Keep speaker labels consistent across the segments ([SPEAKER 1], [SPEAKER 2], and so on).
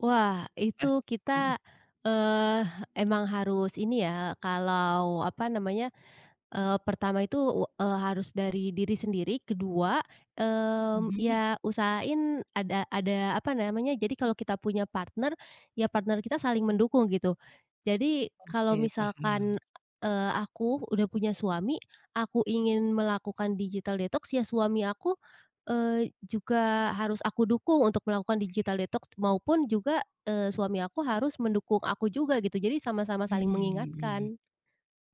[SPEAKER 1] Wah,
[SPEAKER 2] Gas,
[SPEAKER 1] itu
[SPEAKER 2] mhm.
[SPEAKER 1] kita, eee, emang harus ini ya, kalau apa namanya? Eee, pertama itu, wa eee, harus dari diri sendiri. Kedua, mmm,
[SPEAKER 2] Mhm.
[SPEAKER 1] ya usahain ada ada apa namanya? Jadi kalau kita punya partner, ya partner kita saling mendukung gitu. Jadi kalau
[SPEAKER 2] Oke paham.
[SPEAKER 1] misalkan eee, aku udah punya suami, aku ingin melakukan digital detox, ya suami aku, eee, juga harus aku dukung untuk melakukan digital detox, maupun juga, eee, suami aku harus mendukung aku juga gitu. Jadi sama-sama saling
[SPEAKER 2] Mmm.
[SPEAKER 1] mengingatkan.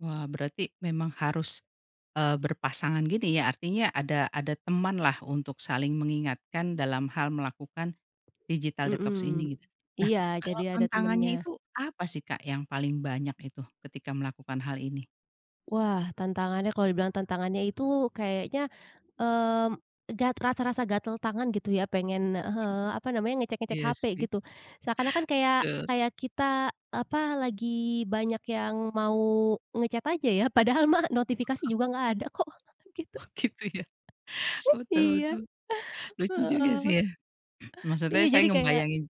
[SPEAKER 2] Wah, berarti memang harus, eee, berpasangan gini, ya. Artinya ada ada temanlah untuk saling mengingatkan dalam hal melakukan digital detox
[SPEAKER 1] Mhm
[SPEAKER 2] ini, gitu. Nah,
[SPEAKER 1] iya,
[SPEAKER 2] kalau
[SPEAKER 1] jadi ada
[SPEAKER 2] tantangannya
[SPEAKER 1] temennya.
[SPEAKER 2] itu apa sih, Kak, yang paling banyak itu, ketika melakukan hal ini?
[SPEAKER 1] Wah, tantangannya kalau dibilang tantangannya itu, kayaknya, mmm, gat rasa-rasa gatel tangan gitu, ya. Pengen, ah hah, apa namanya ngecek-ngecek
[SPEAKER 2] Iya
[SPEAKER 1] HP
[SPEAKER 2] sih.
[SPEAKER 1] gitu, seakan-akan kayak
[SPEAKER 2] Betul.
[SPEAKER 1] kayak kita, eee, apa, lagi banyak yang mau nge-chat aja, ya. Padahal mah notifikasi juga nggak ada kok, gitu.
[SPEAKER 2] Oh gitu ya. Betul
[SPEAKER 1] Iya
[SPEAKER 2] betul, lucu juga
[SPEAKER 1] heeh.
[SPEAKER 2] sih ya. Maksudnya
[SPEAKER 1] Iya
[SPEAKER 2] saya
[SPEAKER 1] jadi kayak
[SPEAKER 2] ngebayangin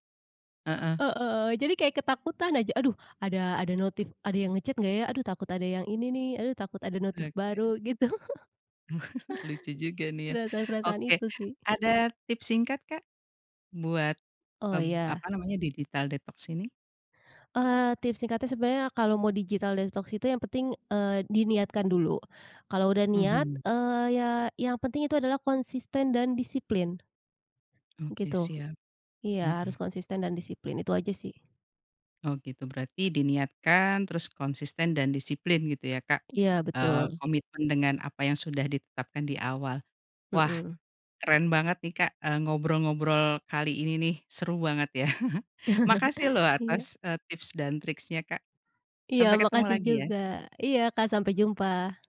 [SPEAKER 2] heeh.
[SPEAKER 1] e e heeh, jadi kayak ketakutan aja, "Aduh, ada ada notif, ada yang nge-chat nggak, ya? Aduh, takut ada yang ini, nih. Aduh, takut ada notif
[SPEAKER 2] Oke.
[SPEAKER 1] baru," gitu
[SPEAKER 2] Lucu juga nih ya,
[SPEAKER 1] Perasaan-perasaan
[SPEAKER 2] oke.
[SPEAKER 1] itu sih.
[SPEAKER 2] Ada tips singkat Kak? Buat,
[SPEAKER 1] Oh
[SPEAKER 2] eee, b
[SPEAKER 1] iya.
[SPEAKER 2] apa namanya digital detox ini?
[SPEAKER 1] Eee, tips singkatnya, sebenarnya kalau mau digital detox itu yang peting, eee, diniatkan dulu. Kalau udah niat,
[SPEAKER 2] Mhm.
[SPEAKER 1] eee, ya yang penting itu adalah konsisten dan disiplin.
[SPEAKER 2] Oke
[SPEAKER 1] Gitu.
[SPEAKER 2] siap.
[SPEAKER 1] Iya
[SPEAKER 2] Mhm.
[SPEAKER 1] harus konsisten dan disiplin itu aja sih.
[SPEAKER 2] Oh, gitu. Berarti diniatkan, terus konsisten dan disiplin, gitu ya, Kak?
[SPEAKER 1] Iya
[SPEAKER 2] Eee,
[SPEAKER 1] betul.
[SPEAKER 2] komitmen dengan apa yang sudah ditetapkan di awal. Wah,
[SPEAKER 1] Mhm.
[SPEAKER 2] keren banget nih, Kak, eee, ngobrol-ngobrol kali ini nih. Seru banget, ya. Makasih loh,
[SPEAKER 1] Iya.
[SPEAKER 2] atas, eee, tips dan triknya, Kak.
[SPEAKER 1] Iya
[SPEAKER 2] Sampai ketemu
[SPEAKER 1] makasih
[SPEAKER 2] lagi, ya.
[SPEAKER 1] juga. Iya Kak sampai jumpa.